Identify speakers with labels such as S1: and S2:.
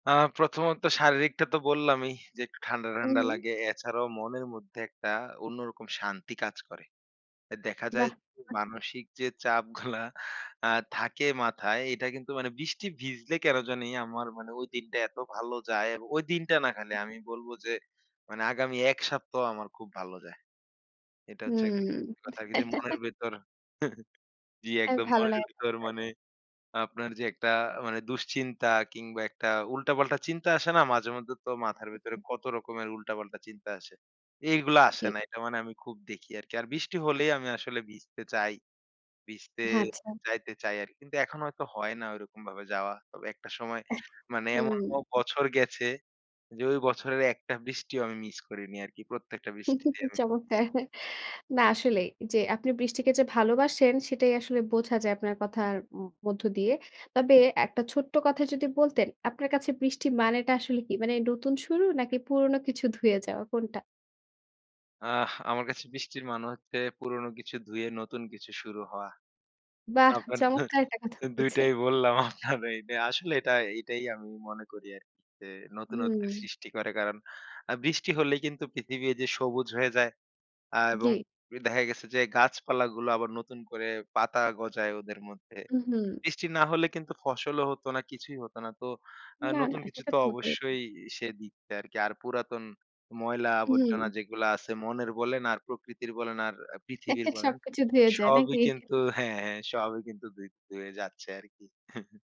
S1: আ প্রথমত শারীরিকটা তো বললামই যে একটু ঠান্ডা,
S2: ও,
S1: ঠান্ডা
S2: হুম।
S1: লাগে। এছাড়াও মনের মধ্যে একটা অন্যরকম শান্তি কাজ করে। এ দেখা যায়
S2: বাহ! [unintelligible]
S1: মানসিক যে চাপগুলা আ থাকে মাথায়, এটা কিন্তু মানে বৃষ্টি ভিজলে কেন জানি আমার মানে ওই দিনটা এত ভালো যায়। এবং ওই দিনটা না খালি আমি বলব যে মানে আগামী ১ সপ্তাহ আমার খুব ভালো যায়। এটা হচ্ছে [unintelligible]
S2: হুম।
S1: কথা গিরি মনের ভেতর, জি
S2: এ্যা
S1: একদম
S2: ভালো
S1: মনের
S2: লাগে,
S1: ভিতর
S2: রাইট।
S1: মানে আপনার যে, একটা মানে দুশ্চিন্তা কিংবা একটা উল্টা-পাল্টা চিন্তা আসে না? মাঝে মধ্যে তো মাথার ভেতরে
S2: [unintelligible]
S1: কত রকমের উল্টা-পাল্টা চিন্তা আসে। এগুলো আসে
S2: দি
S1: না। এটা মানে আমি খুব দেখি আরকি। আর বৃষ্টি হলেই আমি আসলে ভিজতে চাই। ভিজতে
S2: হ্যাঁ, আচ্ছা।
S1: যাইতে চাই আরকি। কিন্তু এখন হয়তো হয় না ঐরকম ভাবে যাওয়া। তবে একটা সময়
S2: আহ!
S1: মানে
S2: হুম।
S1: এমনও বছর গেছে। যে ওই বছরের একটা বৃষ্টিও আমি মিস করিনি আরকি। প্রত্যেকটা বৃষ্টিতে আমি জি।
S2: চমৎকার। না আসলেই যে আপনি বৃষ্টিকে যে ভালোবাসেন, সেটাই আসলে বোঝা যায় আপনার কথার ও ম মধ্য দিয়ে। তবে এক টা ছোট্ট কথা যদি বলতেন, আপনার কাছে বৃষ্টি মানেটা আসলে কী? মানে নতুন শুরু নাকি পুরনো কিছু ধুয়ে যাওয়া কোনটা?
S1: আহ আমার কাছে বৃষ্টির মানে হচ্ছে পুরনো কিছু ধুয়ে নতুন কিছু শুরু হওয়া।
S2: বাহ!
S1: আবার
S2: চমৎকার একটা কথা
S1: ২
S2: বলছে।
S1: টাই বললাম। আপনার এইটা আসলে এটা এটাই আমি মনে করি আরকি। যে নতুনত্বের
S2: হুম।
S1: সৃষ্টি করে। কারণ আ বৃষ্টি হলেই কিন্তু পৃথিবী এই যে সবুজ হয়ে যায়। আ এবং
S2: জি।
S1: এ দেখা গেছে যে গাছপালাগুলো আবার নতুন করে পাতা গজায় ওদের মধ্যে।
S2: উঁ হু।
S1: বৃষ্টি না হলে কিন্তু ফসলও হত না, কিছুই হতো না। তো আ
S2: না,
S1: নতুন
S2: না।
S1: কিছু তো
S2: সেটাতো বোধহয় না।
S1: অবশ্যই সে দিচ্ছে আরকি। আর পুরাতন ময়লা আবর্জনা
S2: হুম।
S1: যেগুলো আছে মনের বলেন, আর প্রকৃতির বলেন, আর পৃথিবীর বলেন,
S2: সব কিছু ধুয়ে যায়
S1: সবই
S2: নাকি?
S1: কিন্তু হ্যাঁ, হ্যাঁ। সবই কিন্তু্ ধৌত ধুয়ে যাচ্ছে আরকি